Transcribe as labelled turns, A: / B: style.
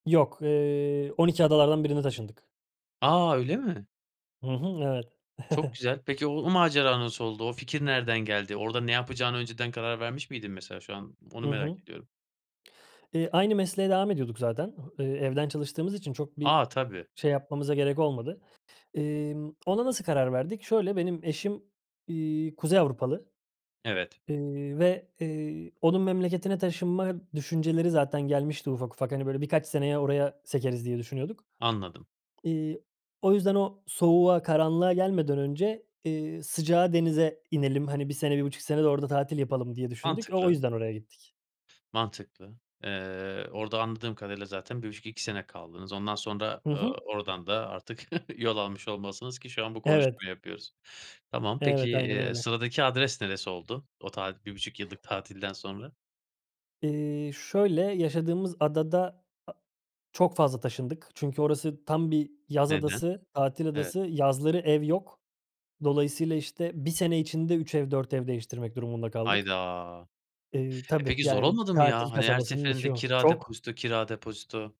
A: Yok, eee, Oniki Adalar'dan birine taşındık.
B: A! Öyle mi?
A: Hı hı, evet.
B: Çok güzel. Peki o o macera nasıl oldu? O fikir nereden geldi? Orada ne yapacağını önceden karar vermiş miydin, mesela, şu an onu
A: Hı hı.
B: merak ediyorum.
A: Eee, aynı mesleğe devam ediyorduk zaten. Ho eee, evden çalıştığımız için çok bir
B: A! Tabii.
A: şey yapmamıza gerek olmadı. Emm, ona nasıl karar verdik? Şöyle, benim eşim, iii, Kuzey Avrupalı,
B: Evet.
A: eee, ve, eee, onun memleketine taşınma düşünceleri zaten gelmişti ufak ufak. Hani, "Böyle birkaç seneye oraya sekeriz." diye düşünüyorduk.
B: Anladım.
A: İii, o yüzden, "O soğuğa, karanlığa gelmeden önce, iii, sıcağa, denize inelim. Hani, 1 sene, 1,5 sene de orada tatil yapalım." diye düşündük. O o
B: Mantıklı.
A: yüzden oraya gittik.
B: Mantıklı. Eee, orada anladığım kadarıyla zaten 1,5-2 sene kaldınız. Ondan sonra,
A: Hı
B: eee,
A: hı.
B: oradan da artık yol almış olmalısınız ki şu an bu konuşmayı
A: Evet.
B: yapıyoruz. Tamam, peki,
A: Evet, aynen
B: eee,
A: öyle.
B: sıradaki adres neresi oldu? O tatil 1,5 yıllık tatilden sonra.
A: Eee, şöyle, yaşadığımız adada a çok fazla taşındık. Çünkü orası tam bir yaz
B: Neden?
A: adası, tatil
B: Evet.
A: adası. Yazları ev yok. Dolayısıyla, işte, 1 sene içinde 3 ev, 4 ev değiştirmek durumunda kaldık.
B: Hayda!
A: Eee,
B: E,
A: tabii,
B: peki, zor
A: yani,
B: olmadı mı
A: tatil
B: ya? Hani, her
A: kasabasının içi
B: seferinde
A: o.
B: kira,
A: Çok
B: depozito; kira, depozito.